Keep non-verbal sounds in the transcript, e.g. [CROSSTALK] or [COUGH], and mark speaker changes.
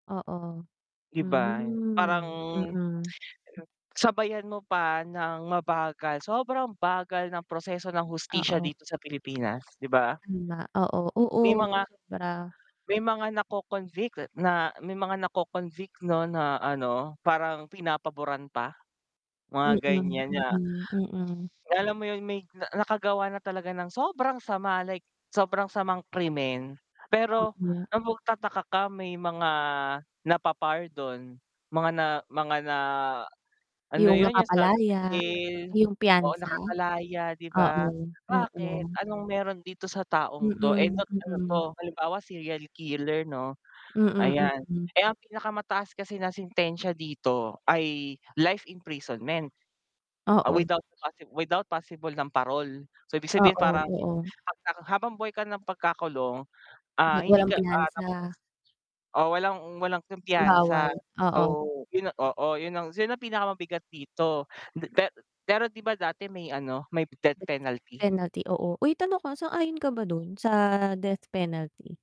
Speaker 1: Oo,
Speaker 2: 'Di ba, parang
Speaker 1: mhm,
Speaker 2: [TSK]
Speaker 1: mm.
Speaker 2: Sabayan mo pa ng mabagal, sobrang bagal ng proseso ng hustisya
Speaker 1: Oo.
Speaker 2: dito sa Pilipinas, 'di ba?
Speaker 1: Hmm, ba. Oo. Oo,
Speaker 2: May mga
Speaker 1: sobra.
Speaker 2: may mga nako-convict na may mga nako-convict, 'no, na, ano, parang pinapaboran pa mga
Speaker 1: Mm,
Speaker 2: ganyan na
Speaker 1: mm, mm.
Speaker 2: alam mo yun? May na nakagawa na talaga ng sobrang sama, like sobrang samang krimen.
Speaker 1: Oo
Speaker 2: Pero
Speaker 1: nga.
Speaker 2: ang magtataka ka may mga napapardon, mga na mga na ano
Speaker 1: Yung
Speaker 2: yun, yung sa
Speaker 1: napapalaya.
Speaker 2: [UNINTELLIGIBLE]
Speaker 1: Yung
Speaker 2: oo
Speaker 1: piyansa?
Speaker 2: nakakalaya, 'di ba?
Speaker 1: Oo,
Speaker 2: Bakit,
Speaker 1: oo.
Speaker 2: anong meron dito sa taong to, eh,
Speaker 1: Mm,
Speaker 2: bat ano to,
Speaker 1: mm.
Speaker 2: halimbawa serial killer, 'no.
Speaker 1: Mm,
Speaker 2: Ayan,
Speaker 1: mm.
Speaker 2: eh, ang pinakamataas kasi na sentensya dito ay life imprisonment. Ah,
Speaker 1: Oo.
Speaker 2: without possible without possible ng parol. So, ibig sabihin,
Speaker 1: Oo,
Speaker 2: parang
Speaker 1: oo.
Speaker 2: 'pag na habang buhay ka ng pagkakulong, ah,
Speaker 1: La
Speaker 2: hindi
Speaker 1: walang
Speaker 2: ka, ah [UNINTELLIGIBLE]
Speaker 1: piyansa.
Speaker 2: O, walang walang kumpiyansa.
Speaker 1: Bawal,
Speaker 2: So
Speaker 1: oo.
Speaker 2: yun oo yun ang, yun ang pinakamabigat dito. Hindi pe pero, 'di ba, dati may, ano, may death
Speaker 1: [UNINTELLIGIBLE]
Speaker 2: penalty?
Speaker 1: Penalty, oo. Uy, tanong ko sang-ayon ka ba dun sa death penalty?